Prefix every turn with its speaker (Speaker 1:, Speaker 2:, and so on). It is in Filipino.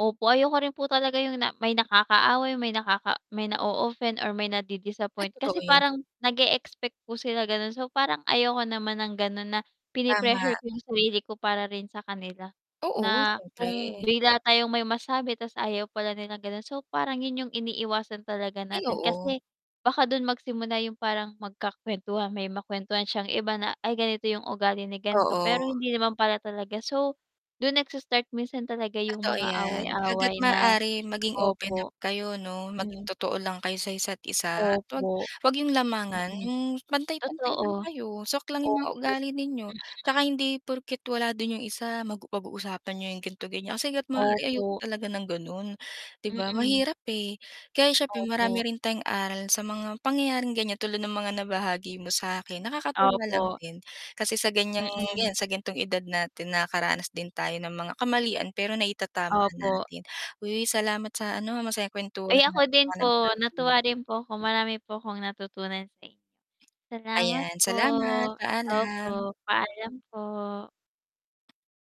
Speaker 1: Opo, ayoko rin po talaga yung na may nakaaway, may nakaka may na-o-offend or may
Speaker 2: Ay
Speaker 1: nadi-disappoint kasi
Speaker 2: totoo yan.
Speaker 1: parang nag-e-expect po sila ganon. So, parang ayoko naman ng ganun na
Speaker 2: Tama.
Speaker 1: pine-pressure ko yung sarili ko para rin sa kanila,
Speaker 2: Oo
Speaker 1: na kung
Speaker 2: siyempre.
Speaker 1: bigla tayong may masabi, tas ayaw pala nila ganon, so parang yun yung iniiwasan talaga
Speaker 2: Ay
Speaker 1: natin
Speaker 2: oo.
Speaker 1: kasi baka dun magsimula yung parang magkaka-kwentuhan, may makwentuhan siyang iba na ay ganito yung ugali ni ganto pero
Speaker 2: Oo.
Speaker 1: hindi naman pala talaga. So, dun nagsa-start minsan talaga yung
Speaker 2: Totoo
Speaker 1: mga
Speaker 2: yan. Hanggat
Speaker 1: away-away na
Speaker 2: maaring maging open up
Speaker 1: opo,
Speaker 2: kayo 'no, maging
Speaker 1: mm.
Speaker 2: totoo lang kayo sa isa't isa at 'wag
Speaker 1: Opo.
Speaker 2: 'wag yung lamangan
Speaker 1: Mm,
Speaker 2: yung pantay-pantay lang
Speaker 1: totoo,
Speaker 2: kayo, swak lang yung
Speaker 1: opo,
Speaker 2: mga ugali ninyo. Tsaka
Speaker 1: mm.
Speaker 2: hindi porket wala din yung isa mag pag-uusapan niyo yung ganto ganyan. Kasi hanggat maaari ayoko
Speaker 1: Opo.
Speaker 2: talaga ng ganon, 'di ba.
Speaker 1: Mm.
Speaker 2: Mahirap, eh, kaya siyempre marami
Speaker 1: Opo.
Speaker 2: rin tayong aral sa mga pangyayaring ganyan tulad ng mga nabahagi mo sa'kin, nakakatuwa lang
Speaker 1: Opo.
Speaker 2: din, kasi sa ganyang
Speaker 1: Mm.
Speaker 2: yan sa gantong edad natin nakakaranas din tayo ng mga kamalian pero naitatama
Speaker 1: Opo.
Speaker 2: natin. Uy, salamat sa ano masayang
Speaker 1: Ay
Speaker 2: kwentuhan
Speaker 1: ako
Speaker 2: ah. Dami
Speaker 1: din
Speaker 2: kong
Speaker 1: po, natuwa
Speaker 2: natutunan.
Speaker 1: rin po ako, marami po akong natutunan sa inyo. Salamat
Speaker 2: Ayan,
Speaker 1: po,
Speaker 2: salamat. Paalam.
Speaker 1: opo paalam po.